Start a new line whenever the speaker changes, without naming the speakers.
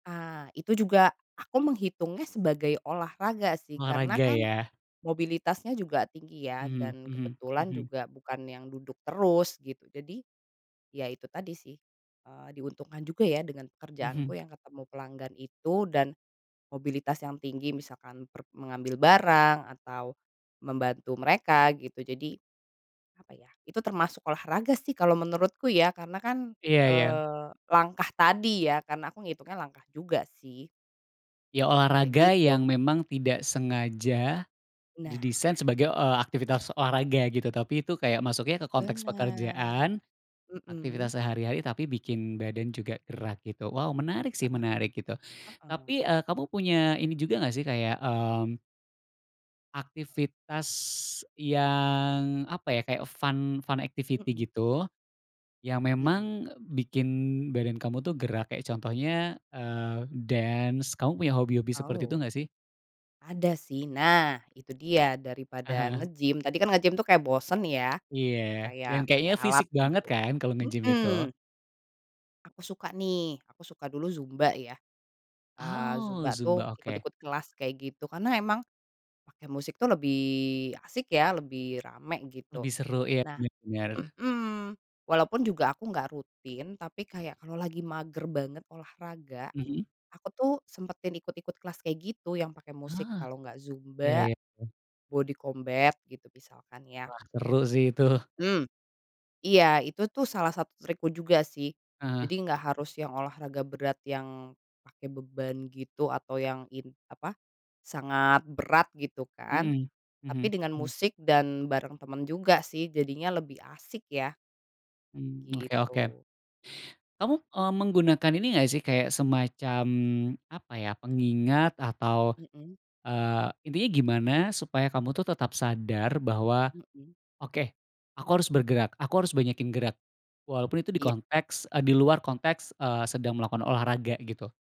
Ah, itu juga aku menghitungnya sebagai olahraga, sih, karena,
Olahraga,
kan,
ya.
mobilitasnya juga tinggi, ya,
Mhm
dan
mhm
kebetulan
mhm.
juga bukan yang duduk terus gitu jadi, ya, itu tadi, sih, eee, diuntungkan juga, ya, dengan
Mhm.
pekerjaanku yang ketemu pelanggan itu dan, mobilitas yang tinggi misalkan per mengambil barang atau, membantu mereka gitu jadi, apa, ya, itu termasuk olahraga, sih, kalau menurutku, ya, karena, kan,
Iya iya.
eee, langkah tadi, ya, karena aku ngitungnya langkah juga, sih.
Ya,
Kayak
olahraga
gitu.
yang memang tidak sengaja,
Nah.
didesain sebagai, eee, aktivitas olahraga gitu. Tapi, tuh, kayak masuknya ke konteks
Bener,
pekerjaan,
hmm.
aktivitas sehari hari tapi bikin badan juga gerak gitu. Wow, menarik,
Heeh
sih, menarik gitu.
heeh.
Tapi eee, kamu punya ini juga nggak, sih, kayak, mmm aktivitas yang apa, ya, kayak fun fun activity
Hmm.
gitu, yang
Hmm.
memang bikin badan kamu, tuh, gerak kayak contohnya, eee, dance, kamu punya hobi-hobi seperti itu
Oh.
nggak, sih?
Ada, sih nah itu dia daripada
Ah hah.
nge-gym tadi, kan, nge-gym, tuh, kayak bosen, ya.
Iya, dan
Kayak
kayaknya
pakai alat
fisik banget,
gitu,
kan, kalau nge-gym itu.
hmm. Aku suka, nih, aku suka dulu zumba, ya. Eee,
Oh,
zumba,
zumba
tuh,
oke.
ikut-ikut kelas kayak gitu karena emang, pakai musik, tuh, lebih asik, ya, lebih rame gitu.
Lebih seru, ya,
Nah,
benar benar.
hmm, walaupun juga aku nggak rutin tapi kayak kalau lagi mager banget olahraga,
Mhm.
aku, tuh, sempetin ikut-ikut kelas kayak gitu yang pakai musik,
Ah,
kalau enggak
Iya
zumba,
iya iya.
body combat gitu misalkan, ya.
Wah seru, sih, tuh.
Mmm, iya itu, tuh, salah satu trikku juga, sih.
Ah.
jadi enggak harus yang olahraga berat yang pakai beban gitu atau yang in apa, sangat berat gitu, kan,
Hmm,
tapi
mhm,
dengan
hm
musik dan bareng temen juga, sih, jadinya lebih asik, ya.
Mmm oke oke.
Gitu.
Kamu, eee, menggunakan ini nggak, sih, kayak semacam apa, ya, pengingat atau
Hmm.
eee, intinya gimana supaya kamu, tuh, tetap sadar bahwa,
Hmm.
oke, aku harus bergerak aku harus banyakin gerak. Walaupun itu di
Iya.
konteks eee, di luar konteks, eee, sedang melakukan olahraga gitu.